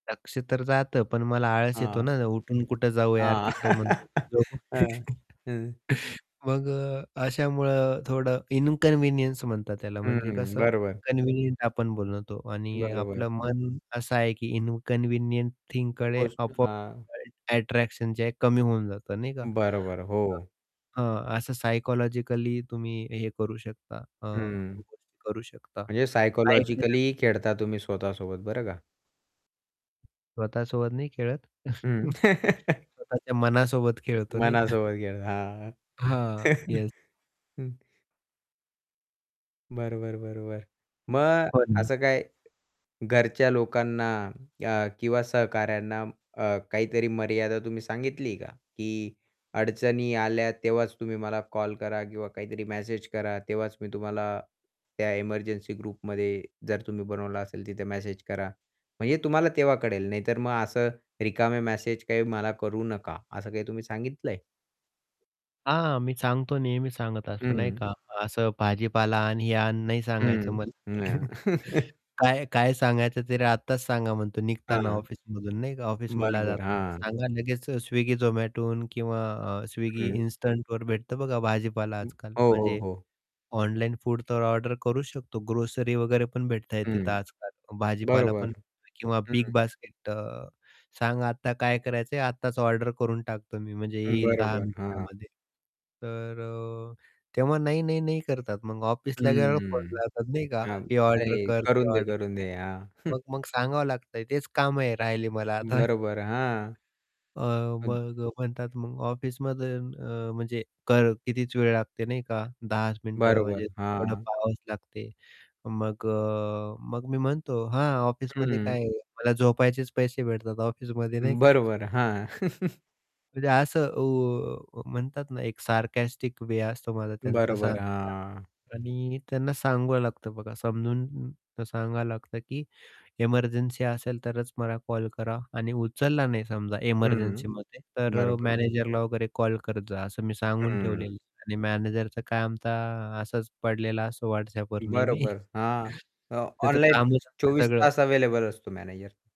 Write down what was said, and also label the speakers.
Speaker 1: लक्ष तर जातं, पण मला आळस येतो
Speaker 2: हां.
Speaker 1: ना, उठून कुठं जाऊ यार
Speaker 2: हां.
Speaker 1: तिकडं म्हणतो.
Speaker 2: हां,
Speaker 1: [unintelligible]
Speaker 2: हां.
Speaker 1: मग अ, अशामुळं थोडं इन्कन्व्हिनियन्स म्हणतात त्याला म्हणजे
Speaker 2: हं,
Speaker 1: कसं,
Speaker 2: बरोबर.
Speaker 1: इन्कन्व्हिनियंट आपण बोलतो आणि
Speaker 2: बरोबर.
Speaker 1: आपलं मन असं आहे, की इन्कन्व्हिनियंट थिंगकडे
Speaker 2: गोष्ट.
Speaker 1: आपोआप
Speaker 2: हां.
Speaker 1: [unintelligible] अट्रॅक्शन जे आहे कमी होऊन जात नाही का?
Speaker 2: बरोबर,
Speaker 1: अ,
Speaker 2: हो.
Speaker 1: हं, असं सायकॉलॉजिकली तुम्ही हे करू शकता, अ,
Speaker 2: हं.
Speaker 1: [unintelligible] करू शकता.
Speaker 2: म्हणजे
Speaker 1: [unintelligible]
Speaker 2: सायकॉलॉजिकली खेळता तुम्ही स्वतःसोबत बरं का.
Speaker 1: स्वतःसोबत नाही खेळत.
Speaker 2: हं.
Speaker 1: स्वतःच्या मनासोबत खेळतो नाही का?
Speaker 2: मनासोबत खेळ. हां,
Speaker 1: हां, येस.
Speaker 2: हं. बरोबर, बरोबर मग
Speaker 1: [unintelligible]
Speaker 2: असं काय घरच्या लोकांना अ, किंवा सहकाऱ्यांना अ, काहीतरी मर्यादा तुम्ही सांगितली का? की अडचणी आल्या तेव्हाच तुम्ही मला कॉल करा किंवा काहीतरी मॅसेज करा, तेव्हाच मी तुम्हाला त्या एमर्जन्सी ग्रुपमध्ये जर तुम्ही बनवलं असेल, तिथे मॅसेज करा. म्हणजे तुम्हाला तेव्हा कळेल, नाहीतर मग असं रिकामे मॅसेज काही मला करू नका, असं काही तुम्ही सांगितलं आहे.
Speaker 1: हां, मी सांगतो नेहमी सांगत असतो नाही
Speaker 2: हं.
Speaker 1: का, असं भाजीपाला आण, हे आण नाही सांगायचं
Speaker 2: हं,
Speaker 1: मला
Speaker 2: हं.
Speaker 1: काय काय सांगायचं तरी आत्ताच सांगा म्हणतो निघताना
Speaker 2: हां.
Speaker 1: ऑफिसमधून नाही का, ऑफिसमधला
Speaker 2: बरोबर,
Speaker 1: जाताना
Speaker 2: हां.
Speaker 1: सांगा लगेच Swiggy, Zomatoहून किंवा अ, Swiggy
Speaker 2: हं.
Speaker 1: इन्स्टंटवर भेटतं बघा भाजीपाला आज-काल.
Speaker 2: हो, हो,
Speaker 1: म्हणजे
Speaker 2: हो.
Speaker 1: ऑनलाईन फूड तर ऑर्डर करू शकतो, ग्रोसरी वगैरे पण भेटत आहे
Speaker 2: हं.
Speaker 1: तिथं आज-काल.
Speaker 2: बरोबर.
Speaker 1: भाजीपालापण किंवा बिग
Speaker 2: हं.
Speaker 1: बास्केट अ, सांगा आता काय करायचं आहे, आत्ताच ऑर्डर करून टाकतो मी म्हणजे येईल 10
Speaker 2: बरोबर, हां.
Speaker 1: मिनिटामध्ये. तर तेव्हा नाही, नाही, नाही करतात मग ऑफिसला [unintelligible] फोन
Speaker 2: हम्म.
Speaker 1: लावतात नाही का
Speaker 2: हां,
Speaker 1: हे
Speaker 2: अरे!
Speaker 1: ऑर्डर कर,
Speaker 2: करू
Speaker 1: ते
Speaker 2: दे,
Speaker 1: ऑर्डर
Speaker 2: करू दे. हां.
Speaker 1: मग, मग सांगावं लागतंय तेच काम आहे राहिली मला आता.
Speaker 2: बरोबर, हां.
Speaker 1: अ,
Speaker 2: हं
Speaker 1: मग म्हणतात, मग ऑफिसमध्ये अ, म्हणजे कर कितीच वेळ लागते नाही का 10 चं मिनिट
Speaker 2: बरोबर.
Speaker 1: म्हणजे थोडं
Speaker 2: हां.
Speaker 1: पहावच लागते, मग अ, मग मी म्हणतो "हां, ऑफिसमध्ये
Speaker 2: हं.
Speaker 1: काय मला झोपायचेच पैसे भेटतात ऑफिसमध्ये" "नाही का."
Speaker 2: बरोबर, हां.
Speaker 1: [unintelligible] असं ओ म्हणतात ना, एक सारकास्टिक वे असतो माझा त्यांचं
Speaker 2: बरोबर,
Speaker 1: सांगायचा.
Speaker 2: हां.
Speaker 1: आणि त्यांना सांगावं लागतं बघा समजून सांगावं लागतं, की एमर्जन्सी असेल तरच मला कॉल करा आणि उचलला नाही समजा
Speaker 2: हं,
Speaker 1: एमर्जन्सीमध्ये, तर
Speaker 2: बरोबर.
Speaker 1: मॅनेजरला वगैरे कॉल करत जा असं मी सांगून ठेवलेलं
Speaker 2: हं.
Speaker 1: आहे आणि मॅनेजरचं काय तर असच पडलेला असतो WhatsAppवर नेहमी.
Speaker 2: बरोबर. हां, अ,
Speaker 1: त्याचं
Speaker 2: ऑनलाईन
Speaker 1: काम [unintelligible]
Speaker 2: 24
Speaker 1: सगळं
Speaker 2: तास अवेलेबल असतो मॅनेजर.